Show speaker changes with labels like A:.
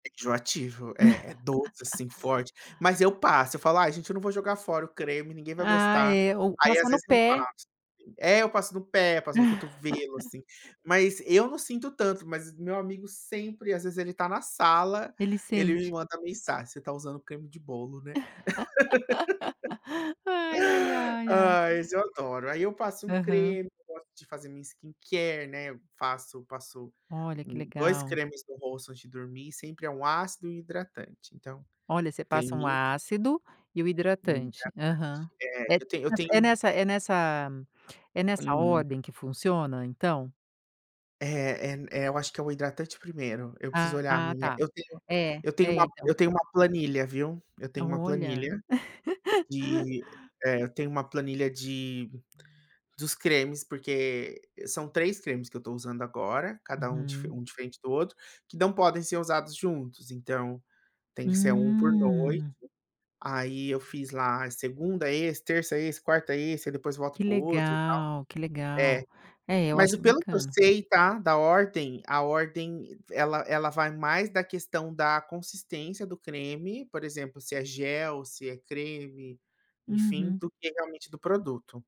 A: É enjoativo, é é doce, assim forte, mas eu passo, eu falo: "Ai, gente eu não vou jogar fora o creme, ninguém vai
B: Ah
A: gostar."
B: é, ou
A: Aí, às
B: passar no
A: vezes, eu
B: pé.
A: passo. É, eu passo no pé, passo no cotovelo, assim, mas eu não sinto tanto, mas meu amigo sempre, às vezes, ele está na sala,
B: Ele
A: ele me
B: sente.
A: manda mensagem: "Você está usando creme de bolo, né?".
B: Ai, ai, ai, ai.
A: Ai, esse eu adoro. Aí, eu passo um
B: Aham.
A: creme, gosto de fazer minha skincare, né, eu passo passo
B: Olha, que
A: 2
B: legal.
A: cremes no rosto, antes de dormir, sempre é um ácido e um hidratante, então
B: Olha você passa
A: tem
B: um
A: isso
B: ácido e o
A: Um hidratante,
B: hidratante. Aham.
A: é. Eu tenho eu
B: É
A: tenho
B: nessa é nessa é nessa
A: Uhum.
B: ordem que funciona, então?
A: É é é, eu acho que é o hidratante primeiro, eu preciso
B: Ah,
A: olhar a
B: ah,
A: minha
B: tá,
A: eu tenho
B: é,
A: eu tenho
B: é
A: uma
B: então.
A: eu tenho uma planilha, viu, eu tenho uma
B: Olha.
A: planilha de eh, eu tenho uma planilha de, dos cremes porque, são 3 cremes que eu estou usando agora, cada um
B: Uhum.
A: um diferente do outro, que não podem ser usados juntos. Então, tem que ser 1 por noite,
B: Hum.
A: aí eu fiz lá: segunda esse, terça esse, quarta esse, depois volto
B: Que
A: pro outro e tal.
B: legal, que
A: É,
B: legal. É, eu
A: mas
B: acho
A: pelo que eu
B: bacana.
A: sei tá, da ordem, a ordem ela ela vai mais da questão da consistência do creme, por exemplo, se é gel, se é creme, enfim,
B: Uhum.
A: do que realmente do produto.